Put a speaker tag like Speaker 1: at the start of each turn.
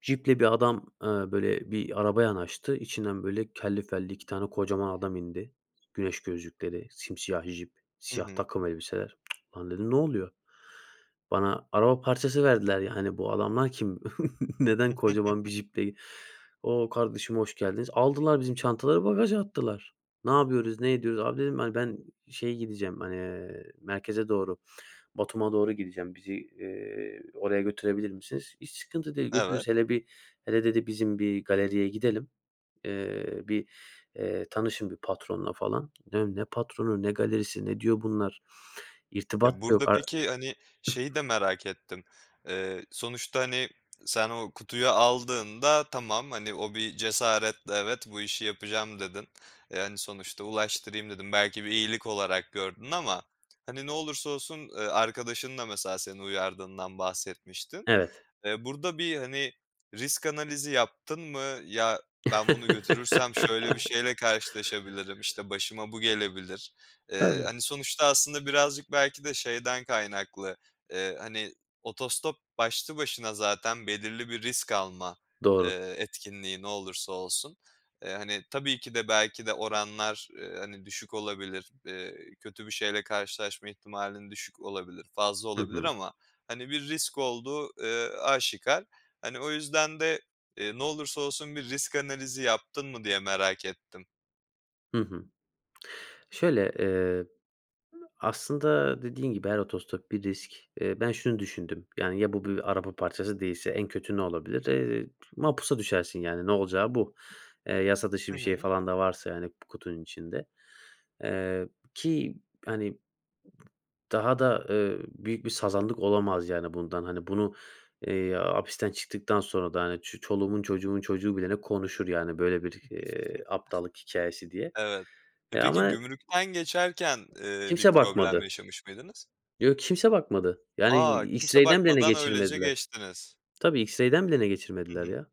Speaker 1: Ciple bir adam, eee, böyle, bir araba yanaştı. İçinden, böyle, kelli felli 2 tane kocaman adam indi. Güneş gözlükleri, simsiyah cip,
Speaker 2: Hı
Speaker 1: siyah
Speaker 2: hı.
Speaker 1: takım elbiseler. "Lan" dedim. "Ne oluyor?" Bana araba parçası verdiler, yani, bu adamlar kim? Neden kocaman bir ciple ge "O, kardeşim hoş geldiniz." Aldılar bizim çantaları bagaja attılar. Ne yapıyoruz, ne ediyoruz? "Abi," dedim, "hani, ben şeye gideceğim, hani, eee, merkeze doğru, Batum'a doğru gideceğim. Bizi, eee, oraya götürebilir misiniz?" "Hiç sıkıntı değil,
Speaker 2: Evet.
Speaker 1: götürürüz. Hele bir, hele" dedi, "bizim bir galeriye gidelim, eee, bir, eee tanışın bir patronla falan." Ne Ne patronu, ne galerisi, ne diyor bunlar?
Speaker 2: Ya,
Speaker 1: İrtibat da
Speaker 2: burada
Speaker 1: yok ar
Speaker 2: peki, hani, şeyi de merak ettim. Eee, sonuçta, hani sen o kutuyu aldığında tamam, hani, o bir cesaretle "Evet, bu işi yapacağım." dedin. E, yani, sonuçta "Ulaştırayım." dedin. Belki bir iyilik olarak gördün ama hani, ne olursa olsun, eee, arkadaşın da mesela seni uyardığından bahsetmiştin.
Speaker 1: Evet.
Speaker 2: Eee, burada bir, hani, risk analizi yaptın mı? "Ya, ben bunu götürürsem şöyle bir şeyle karşılaşabilirim. İşte, başıma bu gelebilir." Eee,
Speaker 1: Evet.
Speaker 2: hani, sonuçta aslında birazcık belki de şeyden kaynaklı, eee, hani, otostop başlı başına zaten belirli bir risk alma,
Speaker 1: Doğru.
Speaker 2: eee, etkinliği, ne olursa olsun. Eee, hani, tabii ki de belki de oranlar, eee, hani, düşük olabilir. Eee, kötü bir şeyle karşılaşma ihtimalin düşük olabilir, fazla
Speaker 1: Hı
Speaker 2: olabilir.
Speaker 1: hı.
Speaker 2: Ama, hani, bir risk olduğu, eee, aşikâr. Hani, o yüzden de, eee, ne olursa olsun bir risk analizi yaptın mı diye merak ettim.
Speaker 1: Hı hı. Şöyle, eee, aslında dediğin gibi her otostop bir risk. Eee, ben şunu düşündüm: "Yani, ya bu bir araba parçası değilse en kötü ne olabilir? Eee, mapusa düşersin, yani." Ne olacağı bu. Eee, yasa dışı
Speaker 2: Hı
Speaker 1: bir şey
Speaker 2: hı.
Speaker 1: falan da varsa, yani, p kutunun içinde. Eee, ki, hani daha da, eee, büyük bir sazanlık olamaz, yani, bundan. Hani, bunu, eee, hapisten çıktıktan sonra da, hani, ç çoluğumun çocuğumun çocuğu bilene konuşur, yani, böyle bir, eee, aptallık hikâyesi diye.
Speaker 2: Evet. E,
Speaker 1: Eee,
Speaker 2: peki,
Speaker 1: ama
Speaker 2: gümrükten geçerken, eee, bir
Speaker 1: Kimse
Speaker 2: problem
Speaker 1: bakmadı.
Speaker 2: yaşamış mıydınız?
Speaker 1: Yo, kimse bakmadı. Yani, d
Speaker 2: A,
Speaker 1: i
Speaker 2: kimse
Speaker 1: X-ray'den bilene
Speaker 2: bakmadan öylece
Speaker 1: geçirmediler.
Speaker 2: geçtiniz.
Speaker 1: Tabii, X-ray'den bilene
Speaker 2: Hı
Speaker 1: geçirmediler
Speaker 2: hı.
Speaker 1: ya.